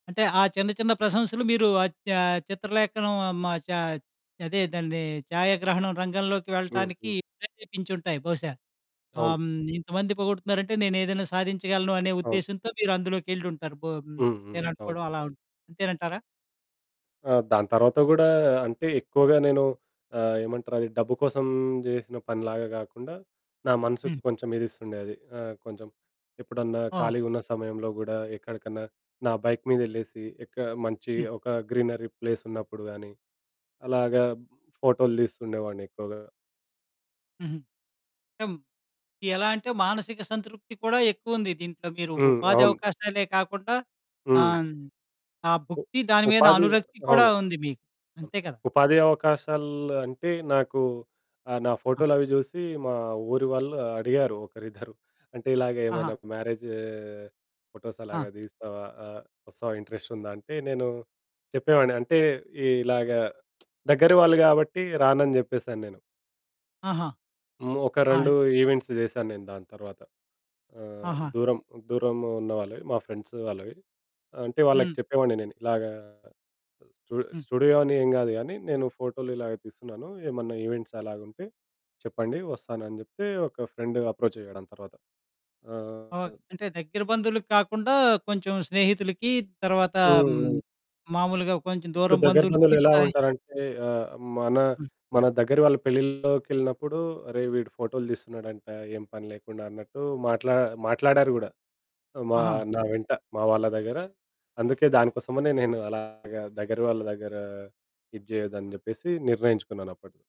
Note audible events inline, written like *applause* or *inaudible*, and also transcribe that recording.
అంటే ఆ చిన్న చిన్న ప్రశంసలు మీరు అద్ ఆహ్, చిత్రలేఖనం మా చ అదే దాన్ని ఛాయాగ్రహణం రంగంలోకి హ్మ్. వెళ్ళటానికి హ్మ్. ప్రెరేపించుంటాయి బహుశా. అవును. ఆహ్, హ్మ్. ఇంతమంది పొగుడుతున్నారంటే నేనేదైనా సాధించగలను అనే అవును. ఉద్దేశ్యంతో మీరందులోకెళ్ళుంటారు బ హ్మ్. హ్మ్. అవును. నేననుకోవడం అలా అంతేనంటారా? ఆహ్, దాని తర్వాత కూడా అంటే ఎక్కువగా నేను ఆహ్, ఏమంటారు అది డబ్బు కోసం జేసిన పనిలాగా గాకుండా, నా మనసుకు హ్మ్. కొంచెం ఇది ఇస్తుండే అది ఆహ్, కొంచెం ఎప్పుడన్నా ఆ! ఖాళీగా ఉన్న సమయంలో గూడా ఎక్కడికన్నా నా బైక్ మీద ఎళ్ళేసి ఒక్క మంచి హ్మ్. ఒక గ్రీనరీ ప్లేస్ ఉన్నప్పుడు గానీ, అలాగా ఫోటోలు తీస్తుండేవాడిని ఎక్కువగా. హుహు. ఆ! ఎలా అంటే మానసిక సంతృప్తి కూడా ఎక్కువుంది, దీంట్లో మీరు హ్మ్. ఉపాధి అవును. అవకాశాలే కాకుండా ఆహ్, హ్మ్. హ్మ్. ఆ ఉ భుక్తి, దాని మీద ఉపాధి అనురక్తి కూడా అవును. ఉంది మీకు అవును. అంతే కదా! ఉపాధి అవకాశాలు అంటే నాకు ఆహ్, నా ఆ! ఫోటోలవి చూసి మా ఊరి వాళ్ళు అడిగారు ఒకరిద్దరు. అంటే ఇలాగ, ఆహా! "ఏమన్నా మ్యారేజు ఫోటోస్ ఆ! అలాగా తీస్తావా? వస్తావా? ఇంట్రెస్ట్ ఉందా?" అంటే నేను చెప్పేవాడిని అంటే ఈ ఇలాగ *smacks lips* దగ్గర వాళ్ళు గాబట్టి రానని చెప్పేసానేను. ఆహా! ఒక ఆ! రెండు ఈవెంట్సు చేశాను నేను దాని తర్వాత. ఆహ్, ఆహా! దూరం, దూరం ఉన్న వాళ్ళవి మా ఫ్రెండ్సు వాళ్ళవి. అంటే వాళ్ళకి హ్మ్. చెప్పేవాడిని నేను ఇలాగా స్టు హ్మ్. స్టూడియో అని ఏం గాదు గానీ, నేను ఫోటోలు ఇలాగా తీస్తున్నాను. ఏమన్నా ఈవెంట్స్ అలాగుంటే చెప్పండి, వస్తానని చెప్తే, ఒక ఫ్రెండ్ అప్రోచ్ అయ్యాడు. దాని తర్వాత ఓహ్! ఆహ్ అంటే దగ్గర బంధువులకి కాకుండా కొంచెం స్నేహితులకి తరువాత హ్మ్. హ్మ్. హ్మ్. మాములుగా కొంచెం ఇప్పుడు దూరం దగ్గర బంధువులు బంధువులకి ఎలా సాయం ఉంటారంటే ఆహ్, మన హ్మ్. మన దగ్గర వాళ్ళ పెళ్లిల్లోకెళ్ళినప్పుడు, "అరేయ్ వీడు ఫోటోలు తీస్తున్నాడంట ఏ పని లేకుండా" అన్నట్టు మాట్లా మాట్లాడారు గూడా. మా ఆహా! నా వెంట మా వాళ్ళ దగ్గర. అందుకే దానికోసమనే నేను అలాగా దగ్గర వాళ్ళ దగ్గర ఇది జేయద్దని జెప్పేసి నిర్ణయించుకున్నానప్పుడు.